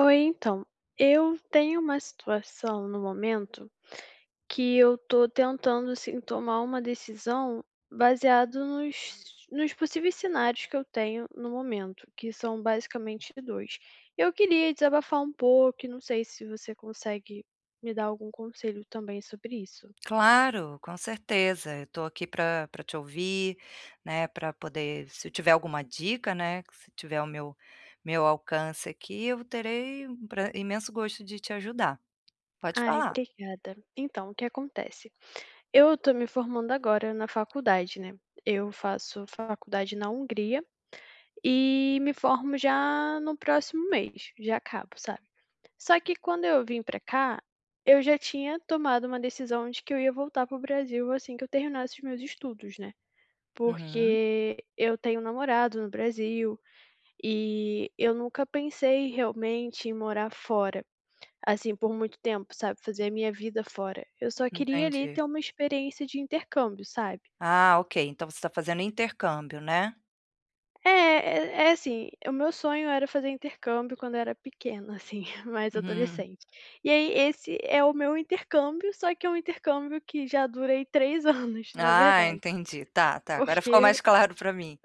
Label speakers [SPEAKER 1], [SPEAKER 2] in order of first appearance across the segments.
[SPEAKER 1] Oi, então, eu tenho uma situação no momento que eu tô tentando, assim, tomar uma decisão baseado nos nos possíveis cenários que eu tenho no momento, que são basicamente 2. Eu queria desabafar um pouco, e não sei se você consegue me dar algum conselho também sobre isso.
[SPEAKER 2] Claro, com certeza, eu tô aqui pra pra te ouvir, né, pra poder Se tiver alguma dica, né, que se tiver ao meu meu alcance aqui, eu terei um pra imenso gosto de te ajudar. Pode
[SPEAKER 1] Ai,
[SPEAKER 2] falar.
[SPEAKER 1] obrigada. Então, o que acontece, eu tô me formando agora na faculdade, né. Eu faço faculdade na Hungria, e me formo já no próximo mês, já acabo, sabe. Só que quando eu vim para cá, eu já tinha tomado uma decisão de que eu ia voltar para o Brasil assim que eu terminasse os meus estudos, né,
[SPEAKER 2] Uhum.
[SPEAKER 1] porque eu tenho namorado no Brasil, e eu nunca pensei realmente em morar fora, assim, por muito tempo, sabe, fazer a minha vida fora, eu só queria, ali,
[SPEAKER 2] Entendi.
[SPEAKER 1] ter uma experiência de intercâmbio, sabe.
[SPEAKER 2] Ah, ok, então você tá fazendo intercâmbio, né?
[SPEAKER 1] É, é é assim, o meu sonho era fazer intercâmbio quando eu era pequena, assim, mais
[SPEAKER 2] Uhum.
[SPEAKER 1] adolescente. E aí esse é o meu intercâmbio, só que é um intercâmbio que já dura, aí, 3 anos, na
[SPEAKER 2] Ah,
[SPEAKER 1] verdade.
[SPEAKER 2] entendi, tá, tá, agora ficou
[SPEAKER 1] Porque
[SPEAKER 2] mais claro pra mim.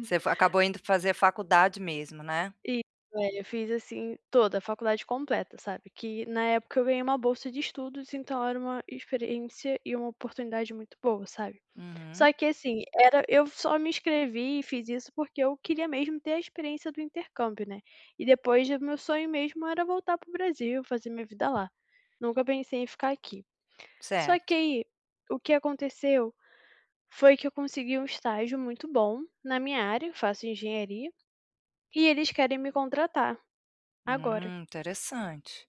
[SPEAKER 2] Você f acabou indo fazer faculdade mesmo, né.
[SPEAKER 1] Isso, é, eu fiz assim toda, a faculdade completa, sabe, que na época eu ganhei uma bolsa de estudos, então era uma experiência e uma oportunidade muito boa, sabe.
[SPEAKER 2] Uhum.
[SPEAKER 1] Só que assim, era eu só me inscrevi e fiz isso, porque eu queria mesmo ter a experiência do intercâmbio, né, e depois o meu sonho mesmo era voltar para o Brasil, fazer minha vida lá, nunca pensei em ficar aqui. Só que
[SPEAKER 2] Certo.
[SPEAKER 1] aí o que aconteceu foi que eu consegui um estágio muito bom na minha área, faço engenharia, e eles querem me contratar agora.
[SPEAKER 2] Hum, interessante.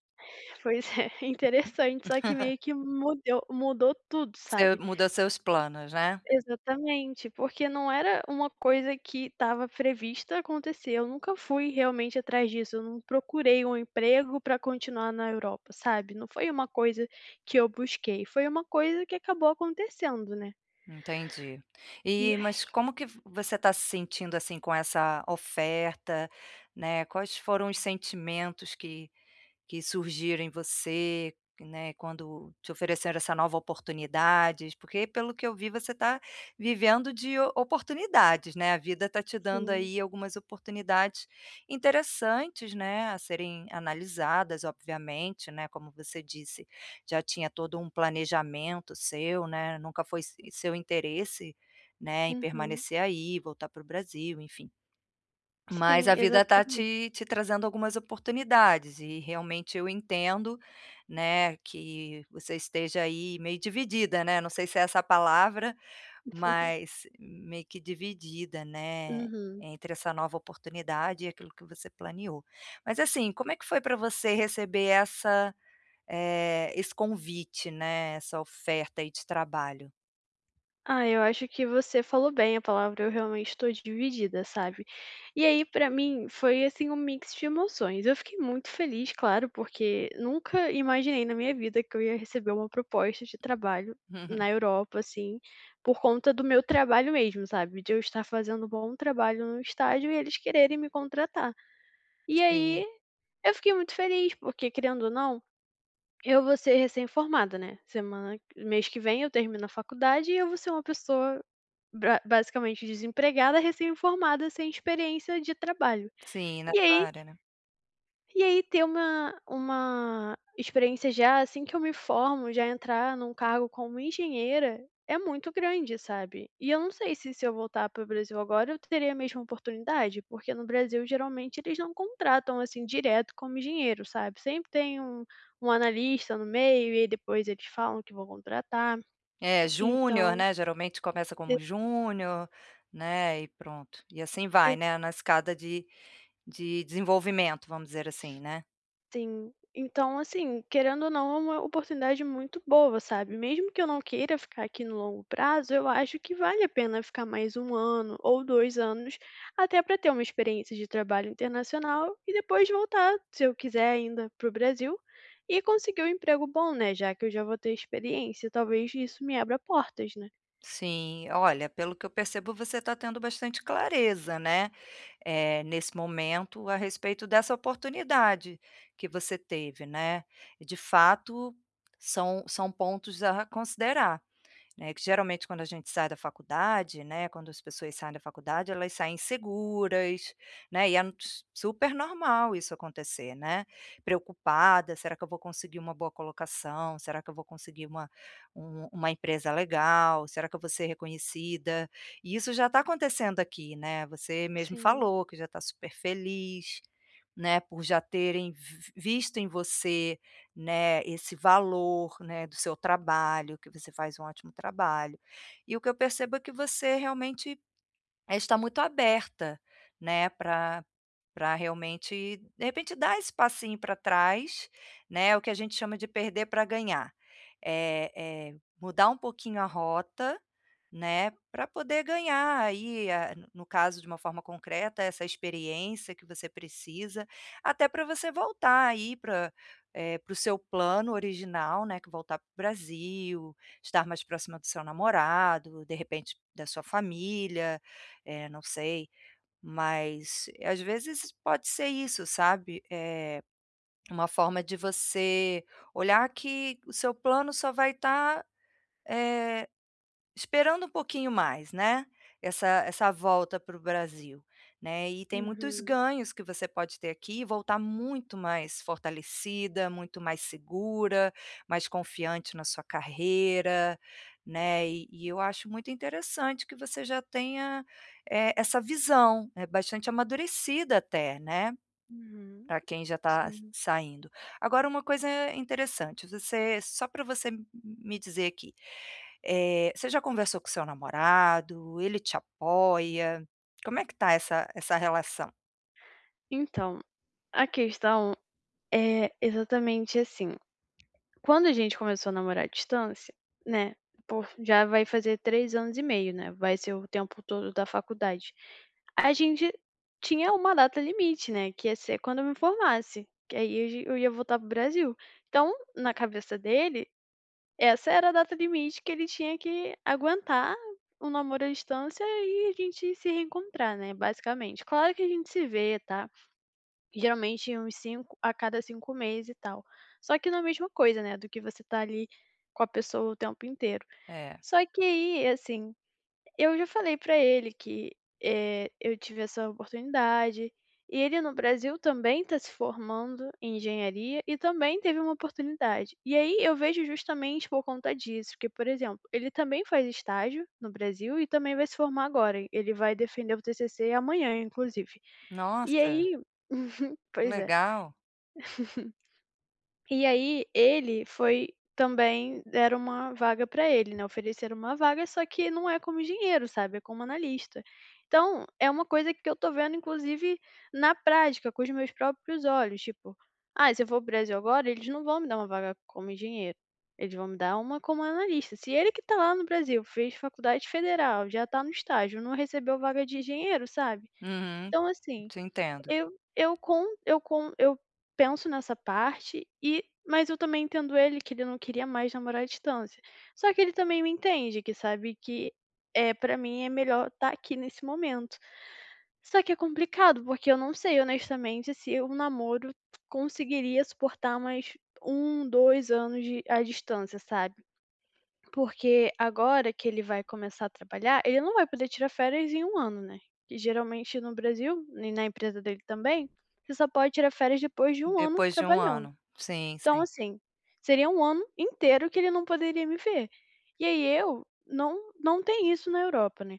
[SPEAKER 1] Pois é, interessante, só que meio que mudeu mudou tudo,
[SPEAKER 2] Seu
[SPEAKER 1] sabe.
[SPEAKER 2] mudou seus planos, né.
[SPEAKER 1] Exatamente, porque não era uma coisa que estava prevista acontecer, eu nunca fui realmente atrás disso, eu não procurei um emprego para continuar na Europa, sabe, não foi uma coisa que eu busquei, foi uma coisa que acabou acontecendo, né.
[SPEAKER 2] Entendi.
[SPEAKER 1] E
[SPEAKER 2] E, mas
[SPEAKER 1] aí
[SPEAKER 2] como que vo você tá se sentindo, assim, com essa oferta, né, quais foram os sentimentos que que surgiram em você, né, quando te ofereceram essa nova oportunidades? Porque, pelo que eu vi, você tá vivendo de o oportunidades, né, a vida tá te dando,
[SPEAKER 1] Sim.
[SPEAKER 2] aí, algumas oportunidades interessantes, né, a serem analisadas, obviamente, né, como você disse, já tinha todo um planejamento seu, né, nunca foi se seu interesse, né, em
[SPEAKER 1] Uhum.
[SPEAKER 2] permanecer aí, voltar para o Brasil, enfim. Mas
[SPEAKER 1] Sim,
[SPEAKER 2] a vida tá
[SPEAKER 1] exatame
[SPEAKER 2] te te trazendo algumas oportunidades, e realmente eu entendo, né, que você esteja, aí, meio dividida, né, não sei se é essa a palavra, mas meio que dividida, né,
[SPEAKER 1] Uhum.
[SPEAKER 2] entre essa nova oportunidade e aquilo que você planeo. Mas assim, como é que foi para você receber essa eh, esse convite, né, essa oferta, aí, de trabalho?
[SPEAKER 1] Ah, eu acho que você falou bem a palavra. Eu, realmente, estou dividida, sabe. E aí, pra mim foi, assim, um mix de emoções. Eu fiquei muito feliz, claro, porque nunca imaginei na minha vida que eu ia receber uma proposta de trabalho
[SPEAKER 2] Uhum.
[SPEAKER 1] na Europa, assim, por conta do meu trabalho mesmo, sabe, de eu estar fazendo um bom trabalho no estágio e eles quererem me contratar. E aí,
[SPEAKER 2] Sim.
[SPEAKER 1] eu fiquei muito feliz, porque, querendo ou não, eu vou ser recém-formada, né, semana mês que vem eu termino a faculdade, e eu vou ser uma pessoa bra basicamente desempregada, recém-formada, sem experiência de trabalho.
[SPEAKER 2] Sim. Na
[SPEAKER 1] E
[SPEAKER 2] sua
[SPEAKER 1] aí
[SPEAKER 2] área, né?
[SPEAKER 1] e aí ter uma uma experiência já, assim, que eu me formo. Já entrar em um cargo como engenheira é muito grande, sabe. E eu não sei se se eu voltar para o Brasil agora, eu teria a mesma oportunidade, porque no Brasil, geralmente eles não contratam assim, direto como engenheiro, sabe, sempre tem um um analista no meio, e aí depois eles falam que vão contratar,
[SPEAKER 2] É, júnior,
[SPEAKER 1] então
[SPEAKER 2] né, geralmente começa como
[SPEAKER 1] [unintelligible]
[SPEAKER 2] júnior, né, e pronto. E assim
[SPEAKER 1] E
[SPEAKER 2] vai, né, numa escada de de desenvolvimento, vamos dizer assim, né?
[SPEAKER 1] Sim. Então assim, querendo ou não, é uma oportunidade muito boa, sabe, mesmo que eu não queira ficar aqui no longo prazo, eu acho que vale a pena ficar mais 1 ano ou 2 anos, até para ter uma experiência de trabalho internacional, e depois voltar, se eu quiser ainda, para o Brasil, e conseguir um emprego bom, né, já que eu já vou ter experiência, talvez isso me abra portas, né?
[SPEAKER 2] Sim. Olha, pelo que eu percebo você tá tendo bastante clareza, né, eh, nesse momento a respeito dessa oportunidade que você teve, né. E de fato são são pontos a considerar, né. Que geralmente quando a gente sai da faculdade, né, quando as pessoas saem da faculdade elas saem inseguras, né, e é n s super normal isso acontecer, né, preocupada: "Será que eu vou conseguir uma boa colocação, será que eu vou conseguir uma um uma empresa legal, será que eu vou ser reconhecida?". E isso já tá acontecendo aqui, né, você mesmo
[SPEAKER 1] Sim.
[SPEAKER 2] falou que já tá super feliz, né, por já terem vi visto em você, né, esse valor, né, do seu trabalho, que você faz um ótimo trabalho. E o que eu percebo é que você realmente, eh, está muito aberta, né, para para realmente de repente dar esse passinho para trás, né, o que a gente chama de perder para ganhar. Eh, eh, mudar um pouquinho a rota, né, para poder ganhar aí a no caso de uma forma concreta essa experiência que você precisa, até para você voltar aí para, eh, para o seu plano original, né, que é voltar para o Brasil, estar mais próxima do seu namorado, de repente da sua família, eh, não sei. Mas às vezes pode ser isso sabe, eh, uma forma de você olhar que o seu plano só vai tá, eh, esperando um pouquinho mais, né, essa essa volta para o Brasil, né. E tem muitos
[SPEAKER 1] Uhum.
[SPEAKER 2] ganhos que você pode ter aqui e voltar muito mais fortalecida, muito mais segura, mais confiante na sua carreira, né. E e eu acho muito interessante que você já tenha, eh, essa visão, é bastante amadurecida até, né,
[SPEAKER 1] Uhum.
[SPEAKER 2] para quem já tá
[SPEAKER 1] Sim.
[SPEAKER 2] saindo. Agora uma coisa interessante, você só para você me dizer aqui, eh, você já conversou com o seu namorado, ele te apoia, como é que tá essa essa relação?
[SPEAKER 1] Então, a questão é exatamente assim, quando a gente começou a namorar à distância, né, por já vai fazer 3 anos e meio, né, vai ser o tempo todo da faculdade. A gente tinha uma data limite, né, que ia ser quando eu me formasse, que aí eu ge eu ia voltar para o Brasil. Então, na cabeça dele essa era a data limite que ele tinha que aguentar o namoro à distância e a gente se reencontrar, né, basicamente. Claro que a gente se vê, tá, geralmente uns 5 a cada 5 mês e tal. Só que na mesma coisa, né, do que você tá ali, com a pessoa o tempo inteiro.
[SPEAKER 2] É.
[SPEAKER 1] Só que aí, assim, eu já falei para ele que, eh, eu tive essa oportunidade, e ele no Brasil, também tá se formando em engenharia e também teve uma oportunidade, e aí eu vejo justamente por conta disso que, por exemplo, ele também faz estágio no Brasil e também vai se formar agora, e ele vai defender o TCC amanhã, inclusive. E
[SPEAKER 2] Nossa.
[SPEAKER 1] aí Uhum, pois é.
[SPEAKER 2] Legal.
[SPEAKER 1] E aí ele foi também deram uma vaga para ele, né, ofereceram uma vaga, só que não é como engenheiro, sabe, é como analista. Então é uma coisa que eu tô vendo inclusive na prática, com os meus próprios olhos, tipo, "Ah, se eu vou para o Brasil agora, eles não vão me dar uma vaga como engenheiro, eles vão me dar uma como analista", se ele que tá lá no Brasil, fez faculdade federal, já tá no estágio, não recebeu vaga de engenheiro, sabe?
[SPEAKER 2] Uhum,
[SPEAKER 1] Então assim,
[SPEAKER 2] te entendo
[SPEAKER 1] eu eu com eu com eu penso nessa parte e mas eu também entendo ele que ele não queria mais namorar à distância. Só que ele também me entende que sabe que, eh, para mim é melhor tá aqui nesse momento. Só que é complicado, porque eu não sei honestamente se o namoro conseguiria suportar mais 1, 2 anos de à distância, sabe? Porque agora que ele vai começar a trabalhar, ele não vai poder tirar férias em 1 ano, né, que geralmente no Brasil, nem na empresa dele também, você só pode tirar férias depois de 1 ano
[SPEAKER 2] Depois de 1
[SPEAKER 1] trabalhando.
[SPEAKER 2] ano. Sim,
[SPEAKER 1] Então
[SPEAKER 2] sim.
[SPEAKER 1] assim, seria 1 ano inteiro que ele não poderia me ver. E aí eu não não tem isso na Europa, né.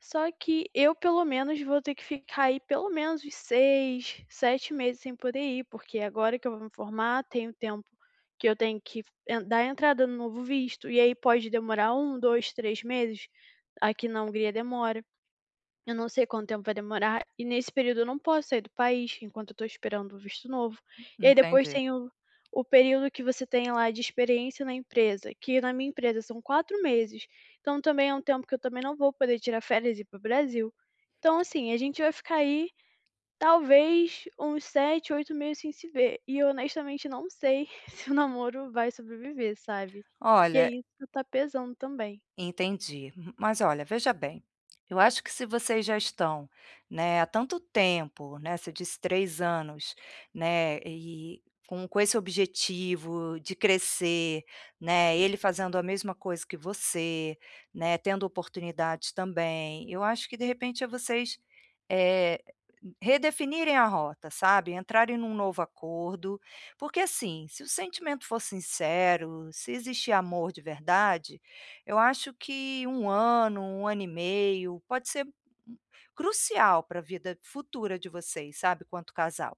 [SPEAKER 1] Só que eu pelo menos vou ter que ficar, aí, pelo menos uns 6, 7 meses sem poder ir, porque agora que eu vou me formar, tem o tempo que eu tenho que f eh, dar entrada no novo visto e aí pode demorar 1, 2, 3 meses, aqui na Hungria demora. Eu não sei quanto tempo vai demorar, e nesse período eu não posso sair do país, enquanto eu estou esperando o visto novo. E aí depois
[SPEAKER 2] Entendi
[SPEAKER 1] tem o o período que você tem lá de experiência na empresa, que na minha empresa são 4 meses, então também é um tempo que eu também não vou poder tirar férias e ir para o Brasil. Então assim, a gente já vai ficar aí, talvez uns 7, 8 meses sem se ver, e honestamente não sei se o namoro vai sobreviver, sabe, que é
[SPEAKER 2] Olha
[SPEAKER 1] isso que tá pesando também.
[SPEAKER 2] Entendi. Mas olha, veja bem, eu acho que se vocês já estão, né, há tanto tempo, né, você disse 3 anos, né, e com com esse objetivo de crescer, né, ele fazendo a mesma coisa que você, né, tendo oportunidades também, eu acho que de repente é vocês, eh, redefinirem a rota, sabe, entrarem em um novo acordo. Porque assim, se o sentimento for sincero, se existe amor de verdade, eu acho que 1 ano, 1 ano e meio, pode ser crucial para vida futura de vocês, sabe, quanto casal.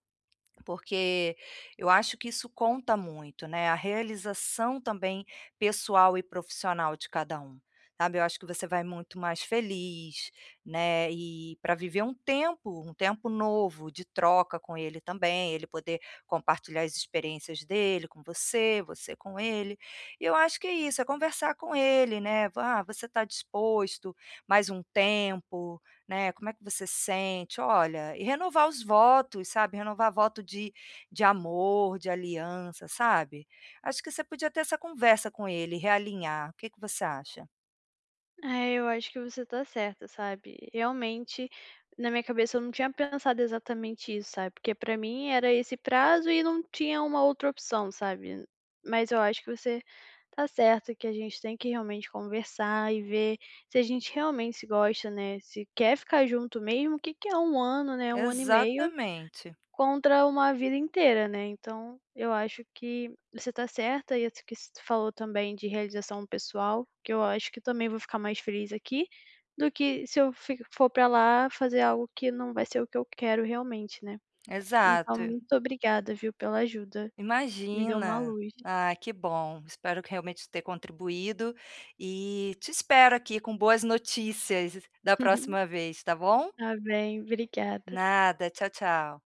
[SPEAKER 2] Porque eu acho que isso conta muito, né, a realização, também, pessoal e profissional de cada um, sabe. Eu acho que você vai muito mais feliz, né, e para viver um tempo, um tempo novo de troca com ele também, ele poder compartilhar as experiências dele com você, você com ele, e eu acho que é isso, é conversar com ele, né, "ah, você tá disposto mais um tempo, né, como é que você sente?". Olha, e renovar os votos, sabe, renovar voto de de amor, de aliança, sabe. Acho que você podia ter essa conversa com ele, realinhar, o que que você acha?
[SPEAKER 1] É, eu acho que você tá certa, sabe, realmente, na minha cabeça eu não tinha pensado exatamente isso, sabe, porque para mim era esse prazo e não tinha uma outra opção, sabe. Mas eu acho que você tá certa, que a gente tem que realmente conversar e ver se a gente realmente se gosta, né, se quer ficar junto mesmo, o que que é 1 ano, né, 1 ano e meio,
[SPEAKER 2] Exatamente
[SPEAKER 1] contra uma vida inteira, né, então eu acho que você tá certa e isso que se tu falou também de realização pessoal, que eu acho que também vou ficar mais feliz aqui do que se eu fico for para lá fazer algo que não vai ser o que eu quero realmente, né, então
[SPEAKER 2] Exato.
[SPEAKER 1] muito obrigada viu, pela ajuda. Me deu uma
[SPEAKER 2] Imagina.
[SPEAKER 1] luz.
[SPEAKER 2] Ah, que bom, espero que realmente ter contribuído e te espero aqui com boas notícias da próxima vez, tá bom?
[SPEAKER 1] Tá bem, obrigada.
[SPEAKER 2] Nada, tchau, tchau.